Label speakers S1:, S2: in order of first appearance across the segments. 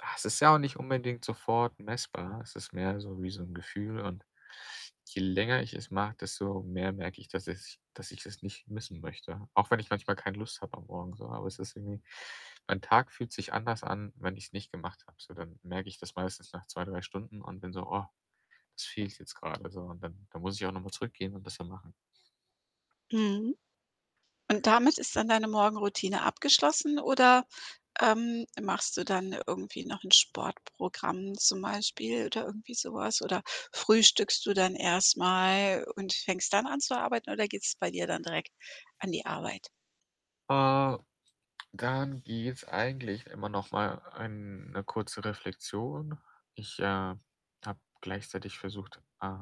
S1: Ah, es ist ja auch nicht unbedingt sofort messbar. Es ist mehr so wie so 'n Gefühl. Und je länger ich es mache, desto mehr merke ich, dass ich es dass ich das nicht missen möchte, auch wenn ich manchmal keine Lust habe am Morgen so. Aber es ist irgendwie mein Tag fühlt sich anders an, wenn ich's nicht gemacht habe. So, dann merke ich das meistens nach 2, 3 Stunden und bin so: „Oh, das fehlt jetzt gerade so.“ Und dann dann muss ich auch noch mal zurückgehen und das dann machen.
S2: Mhm. Und damit ist dann deine Morgenroutine abgeschlossen oder, ähm, machst du dann irgendwie noch 'n Sportprogramm zum Beispiel oder irgendwie so was? Oder frühstückst du dann erst mal und fängst dann an zu arbeiten, oder geht's bei dir dann direkt an die Arbeit?
S1: Äh, dann gibt's eigentlich immer noch mal eine kurze Reflexion. Ich, äh, habe gleichzeitig versucht, äh,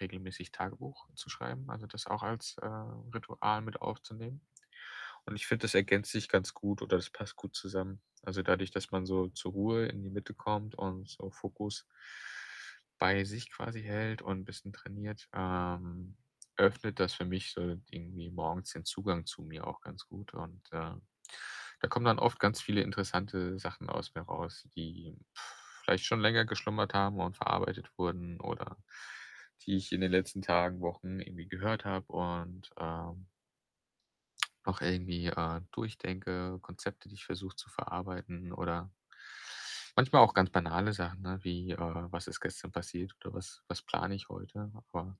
S1: regelmäßig Tagebuch zu schreiben, also, das auch als, äh, Ritual mit aufzunehmen. Und ich finde, das ergänzt sich ganz gut oder das passt gut zusammen. Also, dadurch, dass man so zur Ruhe in die Mitte kommt und so Fokus bei sich quasi hält und bisschen trainiert, ähm, öffnet das für mich so irgendwie morgens den Zugang zu mir auch ganz gut. Und, äh, da kommen dann oft ganz viele interessante Sachen aus mir raus, die, vielleicht schon länger geschlummert haben und verarbeitet wurden oder die ich in den letzten Tagen, Wochen irgendwie gehört habe und, ähm noch irgendwie, äh, durchdenke, Konzepte, die ich versuche zu verarbeiten oder manchmal auch ganz banale Sachen, ne, wie, äh, was ist gestern passiert oder was was plane ich heute? Aber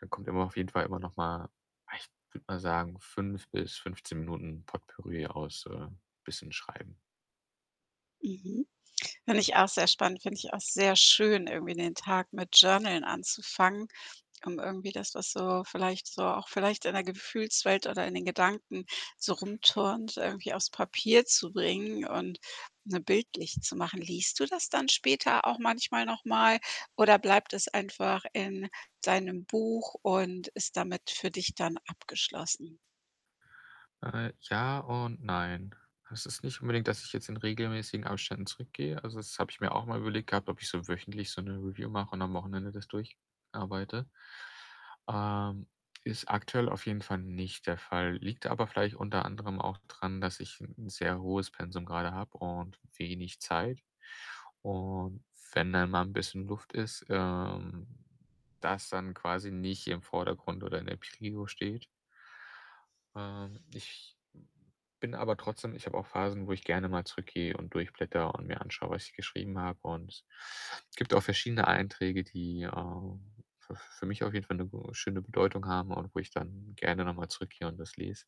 S1: da kommt immer auf jeden Fall immer noch mal ah, ich würde mal sagen, 5 bis 15 Minuten Potpourri aus, äh, bisschen Schreiben.
S2: Mhm. Finde ich auch sehr spannend, finde ich auch sehr schön, irgendwie den Tag mit Journalen anzufangen, um irgendwie das, was so vielleicht so auch vielleicht in der Gefühlswelt oder in den Gedanken so rumturnt, irgendwie aufs Papier zu bringen und na, bildlich zu machen. Liest du das dann später auch manchmal noch mal oder bleibt es einfach in deinem Buch und ist damit für dich dann abgeschlossen?
S1: Äh, ja und nein. Es ist nicht unbedingt, dass ich jetzt in regelmäßigen Abständen zurückgehe. Also, das habe ich mir auch mal überlegt gehabt, ob ich so wöchentlich so 'ne Review mache und am Wochenende das durch arbeite. Ähm, ist aktuell auf jeden Fall nicht der Fall. Liegt aber vielleicht unter anderem auch dran, dass, ich 'n sehr hohes Pensum grade habe und wenig Zeit. Und wenn dann mal 'n bisschen Luft ist, ähm, das dann quasi nicht im Vordergrund oder in der Prio steht. Ähm, ich bin aber trotzdem ich habe auch Phasen, wo ich gerne mal zurückgehe und durchblättere und mir anschaue, was ich geschrieben habe. Und gibt auch verschiedene Einträge, die, äh, für für mich auf jeden Fall 'ne schöne Bedeutung haben und wo ich dann gerne noch mal zurückgehe und das lese.